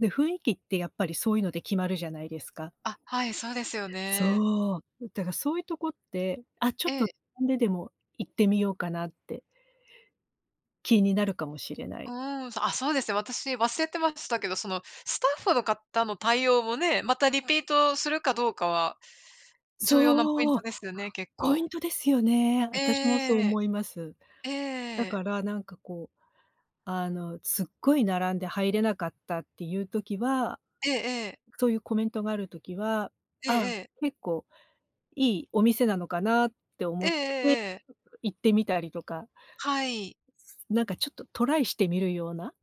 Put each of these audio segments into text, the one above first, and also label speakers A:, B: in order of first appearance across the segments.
A: で、雰囲気ってやっぱり、そういうので決まるじゃないですか。
B: あ、はい、そうですよね。
A: そう。だから、そういうとこって、あっ、ちょっ
B: え
A: と、
B: え。
A: 並んででも行ってみようかなって気になるかもしれな
B: う
A: い。
B: ーん、あっ、そうですね。私、忘れてましたけど、そのスタッフの方の対応もね、またリピートするかどうかは、重要なポイン
A: そ
B: ト
A: う！
B: ですよね、結
A: ポイ
B: 構。
A: ントですよね。私もそう
B: ええ。
A: 思います。
B: え
A: だ
B: え。
A: から、なんか、こう、あの、すっごい並んで入れなかったっていう時は
B: ええええ。
A: そういうコメントがある時は、
B: ええ
A: ああ、
B: ええ。
A: 結構いいお店なのかなって
B: え
A: 思
B: え
A: っ
B: え
A: て、うう
B: えええ。
A: 行ってみたりとか
B: はい。
A: つなんか、ちょっとトライしてみるような。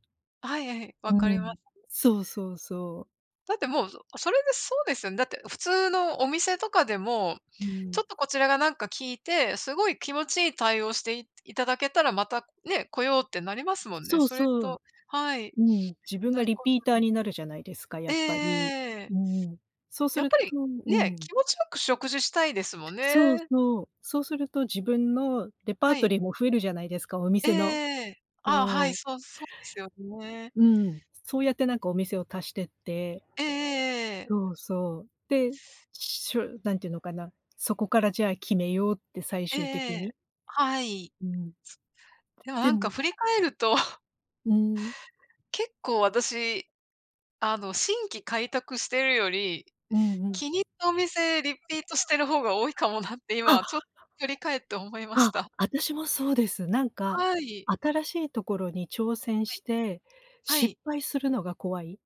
B: はいい、
A: う
B: 分かりま
A: ん。
B: す。
A: そうそうそう。
B: だってもう、うそれでそうですよね、だって普通のお店とかでも、
A: うー
B: ち
A: ん。
B: ょっとこちらがなんか聞いて、すごい気持ちいい対応してい頂けたら、またね、来ようってなりますもんね。
A: そう
B: それ
A: そう。
B: とはい。
A: うん。自分
B: 同
A: が
B: じ
A: リ
B: こ
A: ピータ
B: と
A: ー
B: で。
A: になるじゃないですか、
B: え
A: やっぱり。
B: えええ。
A: うん。そうす
B: やっ
A: る
B: ぱ
A: と
B: り、
A: うー
B: ね、
A: ん。
B: 気持ち良く食事したいですもん
A: そう
B: ね。
A: そう。そうすると、自分のレパー
B: は
A: ト
B: い。
A: リーも増えるじゃないですか、お
B: えええ
A: 店の。
B: えええ、あ、は
A: そ
B: い、
A: う。
B: そう、そうですよね。
A: うん。そうやって、なんかお店を足してって。
B: ええええええ。
A: そうそう。で、しょなんていうのかな、そこからじゃあ決めようって最
B: ええ
A: 終
B: え
A: 的に。
B: え。はい。
A: うん。
B: つ。でも
A: で
B: なんか
A: も
B: 振り返ると
A: うーん。
B: 結構、私、あの、新規開拓してるより、
A: うんうん。
B: 気に入ったお店リピートしてる方が多いかもなって、
A: あ。
B: 今ちょっ と振り返って思いまし
A: あ、
B: た。
A: あたしもそうです。なんか、
B: はい。
A: 新しいところに挑戦
B: は
A: し
B: い。
A: て
B: は
A: 失
B: い。
A: 敗するのが怖い。